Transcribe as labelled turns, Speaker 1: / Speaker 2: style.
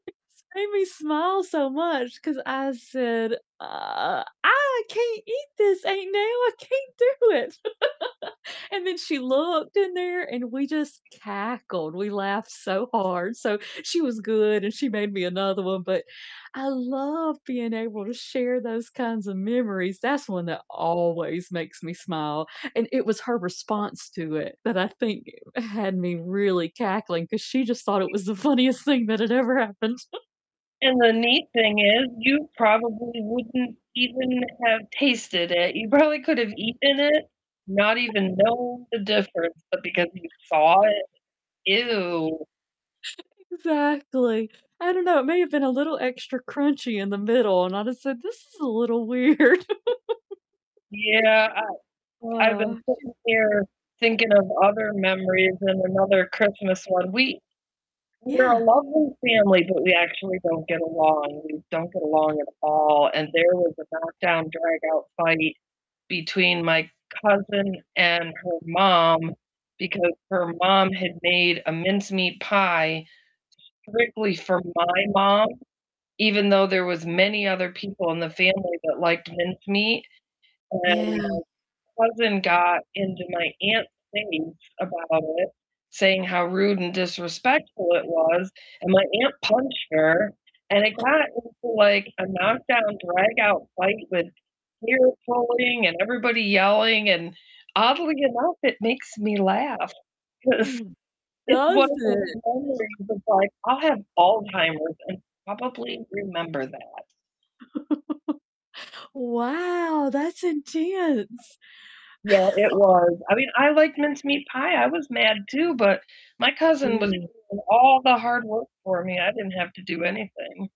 Speaker 1: [unintelligible] made me smile so much 'cause I said, "Uh I can't eat this, Aunt Nell. I can't do it." And then she looked in there and we just cackled. We laughed so hard, so she was good and she made me another one, but I love being able to share those kinds of memories. That's one that always makes me smile, and it was her response to it that, I think, had me really cackling 'cause she just thought it was the funniest thing that had ever happened.
Speaker 2: And the neat thing is you probably wouldn't even have tasted it. You probably could have eaten it not even known the difference, but because you saw it,
Speaker 1: [unintelligible]
Speaker 2: ew.
Speaker 1: Exactly. I don't know, it may have been a little extra crunchy in the middle and I'd have said, "This is a little weird."
Speaker 2: Yeah, I- I've been
Speaker 1: Sh
Speaker 2: sitting here thinking of other memories and another Christmas one, we- we're a
Speaker 1: Yeah.
Speaker 2: lovely family but we actually don't get along we don't get along at all, and there was a knock-down, drag-out fight between my cousin and her mom because her mom had made a mincemeat pie strictly for my mom even though there was many other people in the family that liked mincemeat, and
Speaker 1: Yeah.
Speaker 2: my cousin got into my aunt's face about it, saying how rude and disrespectful it was, and my aunt punched her, and it got into like a knock-down, drag-out fight with hair-pulling and everybody yelling, and oddly enough, it makes me laugh 'cause it's
Speaker 1: Does
Speaker 2: one of those
Speaker 1: it?
Speaker 2: memories that like, I'll have Alzheimer's and probably remember that.
Speaker 1: Wow, that's intense.
Speaker 2: Yeah, it was i mean, I like mincemeat pie. I was mad too, but my cousin was
Speaker 1: [unintelligible]
Speaker 2: doing all the hard work for me, I didn't have to do anything.